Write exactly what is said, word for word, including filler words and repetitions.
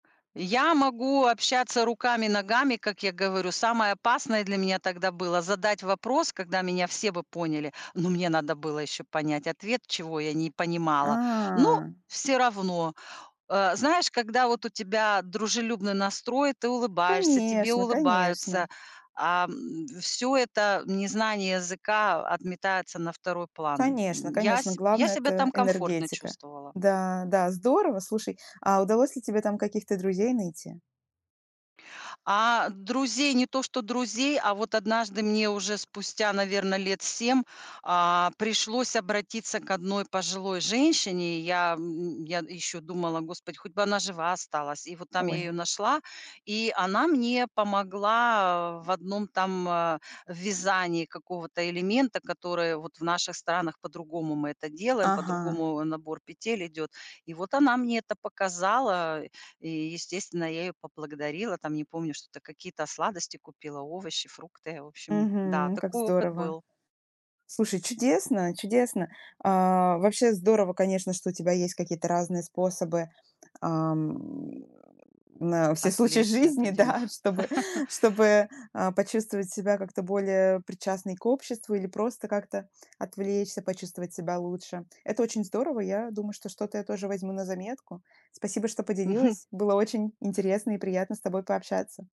Я могу общаться руками, ногами, как я говорю. Самое опасное для меня тогда было задать вопрос, когда меня все бы поняли, но мне надо было еще понять ответ, чего я не понимала. Но А. всё равно, а, знаешь, когда вот у тебя дружелюбный настрой, ты улыбаешься, тебе Конечно конечно. улыбаются, а, м, всё это незнание языка, о, отметается на второй план. Конечно М, я конечно. се я Главное- себя это там комфортно энергетика. чувствовала. Да да, здорово. Слушай, а удалось ли тебе там каких-то друзей найти? А друзей, не то что друзей, а вот однажды мне уже спустя, наверно, лет семь, а, пришлось обратиться к одной пожилой женщине. Я, м, м, я ещё думала: "Господь, хоть бы она жива осталась". И вот там я Ой. её нашла, и она мне помогла, э, в одном там, а, вязании какого-то элемента, который вот в наших странах по-другому мы это делаем, Ага. по-другому, э, набор петель идёт. И вот она мне это показала, и, естественно, я её поблагодарила. Там не помню, что-то какие-то сладости купила, овощи, фрукты. В общем, да, Мгм. Как такой опыт здорово. был. Слушай, чудесно, чудесно. А, вообще здорово, конечно, что у тебя есть какие-то разные способы, а, м, на все случаи Отвлечься от жизни, одино да, чтобы чтобы, а, почувствовать себя как-то более причастной к обществу или просто как-то отвлечься, почувствовать себя лучше. Это очень здорово. Я думаю, что что-то я тоже возьму на заметку. Спасибо, что поделилась. Было очень интересно и приятно с тобой пообщаться.